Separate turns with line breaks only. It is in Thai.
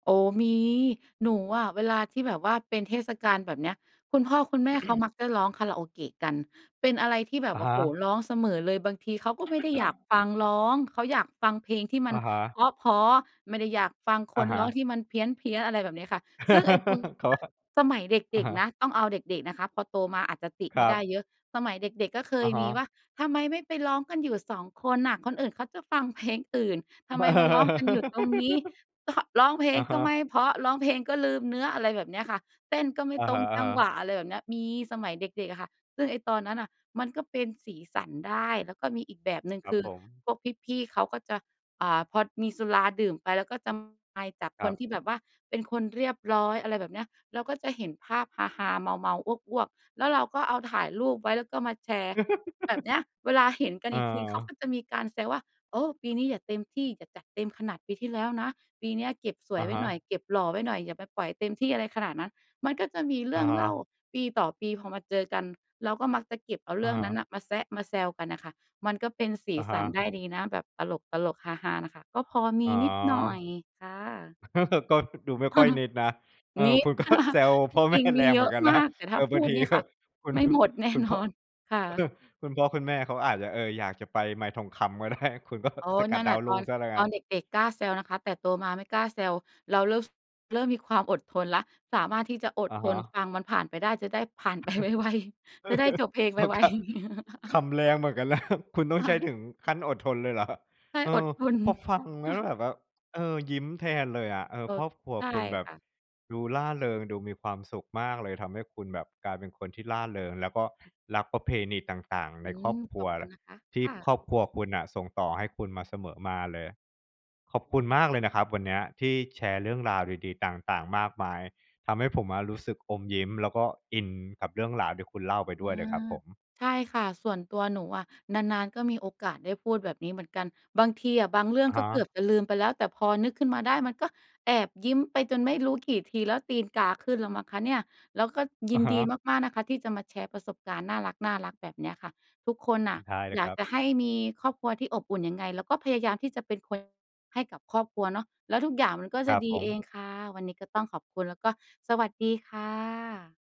โอ้! มี หนูอะเวลาที่แบบว่าเป็นเทศกาลแบบเนี้ย คุณพ่อคุณแม่เขามักจะร้องคาราโอเกะกัน เป็นอะไรที่แบ
อ
บ
ะ
โอ
ฮ
้โฮ!
ะ
ร้องเสมอเลย บางทีเขาก็ไม่ได้อยากฟังร้อง เขาอยากฟังเพลงที่มั
อ
น
ะฮะ
เพราะ ๆ ไม่ได้อยากฟังค
อะ
น
ฮ
ร้อง
ะ
ที่มันเพี้ยน ๆ อะไรแบบเนี้ยค่ะ ซึ่งไอ้ปุน
เขาว่า
สมัยเ
อ
ด็
ะ
ก
ฮะ
ๆ นะ ต้องเอาเด็ก ๆ นะคะ พอโตมาอาจจะติ
ค
ไ
ร
ม่
ั
ได้
บ
เยอะ สมัยเด็กๆ ก็เค
อ
ย
ะฮ
ม
ะ
ีว่า "ทำไมไม่ไปร้องกันอยู่ 2 คนน่ะ คนอื่นเขาจะฟังเพลงอื่น ทำไมมาร้องกันอยู่ตรงนี้? ก็ ก็ร้องเพล
อ
ง
ะ
ก
ฮ
็ไม
ะ
่เพราะ ร้องเพลงก็ลืมเนื้อ" อะไรแบบเนี้ยค่ะ "เต้นก็ไม่
อะ
ตร
ฮ
ง
ะ
จังหว
ๆ
ะ" อะไรแบบเนี้ย มี สมัยเด็ก ๆ อะค่ะ ซึ่งไอ้ตอนนั้นน่ะ มันก็เป็นสีสันได้ แล้วก็มีอีกแบบ หนึ่ง
คร
ค
ับ
ือ
ผม
พวกพี่ ๆ เขาก็จะ อ่า พอมีสุราดื่มไป แล้วก็จะ ไป จาก
ค
ค
รั
น
บ
ที่แบบว่าเป็นคนเรียบร้อย อะไรแบบเนี้ย เราก็จะเห็นภาพฮา ๆ เมา ๆ อ้วก ๆ แล้วเราก็เอา ถ่ายรูปไว้ แล้วก็มาแชร์ แบบเนี้ย เวลาเห็นกัน
อ
อีกทีเขาก
า
็จะมีการแซวว่า "โอ้! ปีนี้อย่าเต็มที่ อย่าจัดเต็มขนาดปีที่แล้วนะ ปีเนี้ยเก็บ ส
อ
วย
ะ
ไว
ฮ
้หน่
ะ
อย เก็บหล่อไว้หน่อย อย่าไปปล่อยเต็มที่ อะไรขนาดนั้น" มันก็จะมีเร
อ
ื
ะ
่อง
ฮ
เล่า
ะ
ปีต่อปี พอมาเจอกัน เราก็มักจะเก็บเอา
อ
เร
ะ
ื่อง
ฮ
นั
ะ
้นน่ะมาแซะมาแซวกันน่ะค่ะ มันก็เป็นสี
อะฮ
สันได
ะ
้ดีนะ แบบตลก ๆ ฮา ๆ น่ะค่ะ ก็พอม
อ๋
ี
อ
นิดหน่อย ค่ะ
ก็ดูไม่
เ
ค
อ
่
อ
อยนิดนะ เออ
มี
คุณ ก็ แซว
จ
พ่อ แม
ร
่
ิง ๆ ม
แร
ี
ง
เย
เหมื
อ
อ
ะ
นกัน
ม
น
า
ะ
ก แต่
เ
ถ
อ
้
อ
าพ
บา
ู
ง
ด
ที
นี่
ก็
ค่ะ
คุณ
ไม่ หมดแน่
คุณ
น
พ่
อน
อ
ค่ะ
คุณพ่อคุณแม่เขาอาจจะ เออ อยากจะไปไมค์ทองคำก็ ได้ คุณ ก็
โอ้!
สก
น
ั
ั
ด
่นแห
ด
ล
า
ะ
วร
ต
ุ่
อ
ง
น
เสียแล้ว
ต
ง
อ
ั้
น
น
เด็ก ๆ กล้าแซวนะคะ แต่โตมาไม่กล้าแซว เราเริ่ม ฟ เริ่มมีความอดทนแล้ว สามารถที่จะอ
อ
ด
ะ
ท
ฮ
น
ะ
ฟังมันผ่านไปได้ จะได้ ผ่านไปไว
เ
ๆ จะได้จบเพลง
อ
ไ
อ
ว
[unintelligible]
ๆ
ขำแรงเหมือนกัน นะ คุณต้อ
ค
งใ
่
ช้
ะ
ถึงขั้นอดทนเลยเหรอ
ใช่
เอ
อ
อ
ด ทน
พอฟังแล้วเหมือนแบบ เออ ยิ้มแทนเลยอะ เออ
เออ
ครอบครัว
ใช่
คุณแบบ
ค่ะ
ดูร่าเริง ดูมีความสุขมากเลย ทำให้คุณแบบกลายเป็นคนที่ร่าเริง แล้วก็ รักประเพณีต่าง ๆ
อ
ใน
ื
คร
ม
อบคร
ข
ัว
อบค
แ
ุ
หล
ณ
ะ
นะคะ
ที
ค
่
่ะ
ครอบครัวคุณน่ะส่งต่อให้คุณมาเสมอมาเลย ขอบคุณมากเลยนะครับวันเนี้ยที่แชร์เรื่องราวดี ๆ ต่าง ๆ มากมาย ทำให้ผมอะรู้สึกอมยิ้ม แล้วก็อินกับเรื่องราวที่คุณเล่าไป
อ
ด
ื
้วยเลยครั
ม
บผม
ใช่ค่ะ ส่วนตัวหนูอะ นาน ๆ ก็มีโอกาสได้พูดแบบนี้เหมือนกัน บางทีอะบางเรื่อ
อ
ง
ะฮ
ก็เกื
ะ
อบจะลืมไปแล้ว แต่พอนึกขึ้นมาได้มันก็แอบยิ้มไปจนไม่รู้กี่ทีแล้ว ตีนกาขึ้นแล้วมั้งคะเนี่ย แล้วก็ย
อ
ิ
ะ
น
ฮ
ดี
ะ
มาก ๆ นะคะที่จะมาแชร์ประสบการณ์น่ารัก ๆ แบบเนี้ยค่ะ ทุกคนน่
อ
ะ
ท้ายเล
อ
ย
ยา
ค
ก
รับ
จะให้มีครอบครัวที่อบอุ่นยังไง เราก็พยายามที่จะเป็นคน ให้กับครอบครัวเนาะ แล้วทุกอย่างมันก็
ค
จ
ร
ะ
ับ
ดี
ผ
เอ
ม
งค่ะ วันนี้ก็ต้องขอบคุณ แล้วก็สวัสดีค่ะ